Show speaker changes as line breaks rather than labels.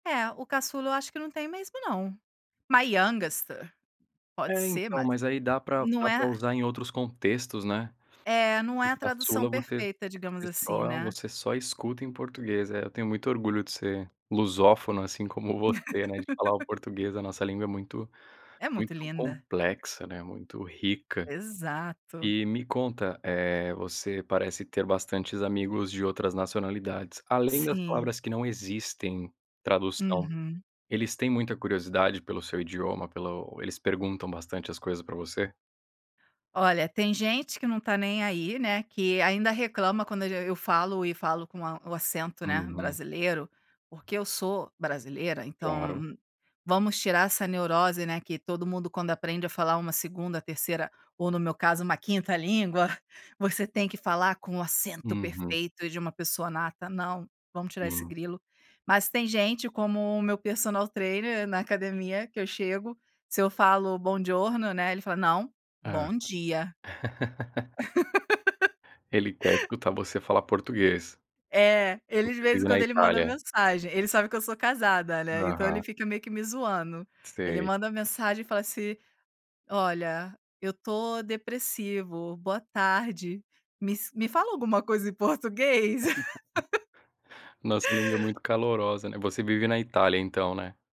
É, o caçula eu acho que não tem mesmo, não. My yangster, pode
É,
ser
então,
mas,
mas aí dá para
não
para
é
usar em outros contextos, né.
É, não é a
O
tradução
caçula você
perfeita digamos,
você
assim,
só
né.
você só escuta em português. É, eu tenho muito orgulho de ser lusófono, assim como você, né, de falar o português, a nossa língua é muito
É
muito
muito linda.
complexa, né, muito rica.
Exato.
E me conta, eh, você parece ter bastantes amigos de outras nacionalidades. Além das
Sim.
palavras que não existem tradução,
Uhum.
eles têm muita curiosidade pelo seu idioma, pelo o eles perguntam bastante as coisas para você?
Olha, tem gente que não tá nem aí, né, que ainda reclama quando a gen eu eu falo e falo com a o acento, né,
Uhum.
brasileiro, porque eu sou brasileira, então,
Claro.
vamos tirar essa neurose, né, que todo mundo quando aprende a falar uma 2ª, 3ª, ou no meu caso uma 5ª língua, você tem que falar com o acento
Uhum.
perfeito de uma pessoa nata, não, vamos tirar esse
Sim.
grilo. Mas tem gente como o meu personal trainer na academia que eu chego, se eu falo: "Buongiorno" né, ele fala: "Não,
Hã.
bom dia."
Ele quer escutar você falar português.
É, ele, de
Você
vez em
vive na
quando, ele manda
Itália.
mensagem, ele sabe que eu sou casada, né. Então, ele
Aham.
fica meio que me zoando. Ele
Sei.
manda mensagem e fala assim: "Olha, eu tô depressivo. Boa tarde. me ens me fala alguma coisa em português."
Nossa língua é muito calorosa, né. Você vive na Itália, então, né?